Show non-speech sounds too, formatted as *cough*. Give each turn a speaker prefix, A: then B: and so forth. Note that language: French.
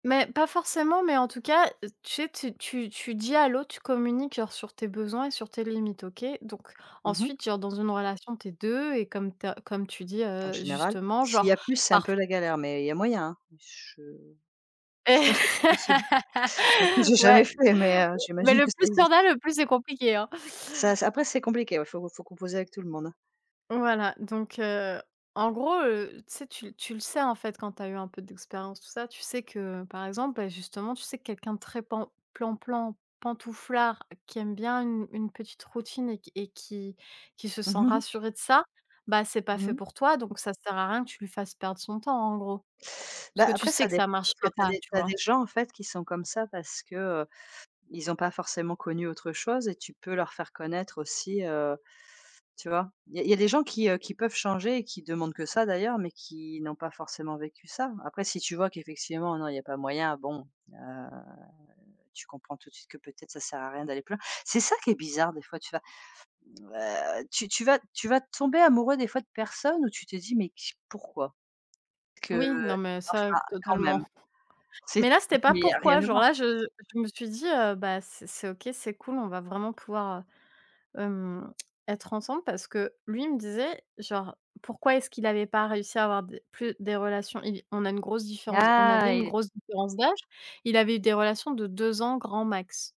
A: Mais pas forcément mais en tout cas tu sais, tu tu tu dis à l'autre, tu communiques genre sur tes besoins et sur tes limites, OK. Donc
B: Mmh mh.
A: ensuite, genre dans une relation tu es 2 et comme tu as comme tu dis,
B: En
A: heu,
B: général.
A: justement,
B: S'il
A: genre
B: y a plus c'est un peu
A: parf
B: la galère mais il y a moyen, hein. Mais je je pense que c'est possible. Après
A: *laughs*
B: j'ai
A: Ouais.
B: jamais fait mais, heu,
A: Mais
B: j'imagine
A: le
B: que ça
A: plus il y
B: existe.
A: en a, le plus c'est compliqué, hein.
B: Ça s après c'est compliqué, ouais, faut faut composer avec tout le monde, hein.
A: Voilà. Donc heu, en gros, heu, tu sais tu l tu le sais, en fait, quand tu as eu un peu d'expérience tout ça, tu sais que par exemple, beh, justement tu sais quelqu'un de très pan plan plan, pantouflard qui aime bien une une petite routine et q et qui qui se sent
B: *chuckles*
A: rassuré de ça, bah, c'est pas
B: Mmh
A: fait
B: mh.
A: pour toi, donc ça sert à rien que tu lui fasses perdre son temps, en gros. Parce
B: Bah
A: que tu
B: après ça
A: sais que
B: dépend,
A: ça
B: parce que
A: marchera
B: tu as
A: pas,
B: des
A: tu
B: tu as
A: vois?
B: des gens, en fait, qui sont comme ça parce que, heu, ils ont pas forcément connu autre chose et tu peux leur faire connaître aussi heu, tu vois? Il y a il y a des gens qui, heu, qui peuvent changer et qui demandent que ça d'ailleurs, mais qui n'ont pas forcément vécu ça. Après si tu vois qu'effectivement non, il y a pas moyen bon, heu, tu comprends tout de suite que peut-être ça sert à rien d'aller plus loin. C'est ça qui est bizarre des fois tu vas heu, tu tu vas tu vas tomber amoureux des fois de personnes où tu te dis: «Mais q pourquoi?»
A: Oui. Non mais ça,
B: Qu'enfin, quand même.
A: totalement.
B: Tu sais,
A: Mais
B: tu
A: là c'était
B: te dis:
A: pas
B: «Mais il y a rien
A: pourquoi
B: à
A: genre
B: voir».
A: là je je je me suis dit: «Heu, bah, c'est c'est OK, c'est cool, on va vraiment pouvoir, heu, hem, tss, être ensemble» parce que lui il me disait genre pourquoi est-ce qu'il avait pas réussi à avoir des plus des relations, il on a une grosse différence on avait
B: Ah
A: une
B: il ét
A: grosse différence d'âge. Il avait eu des relations de 2 ans grand max.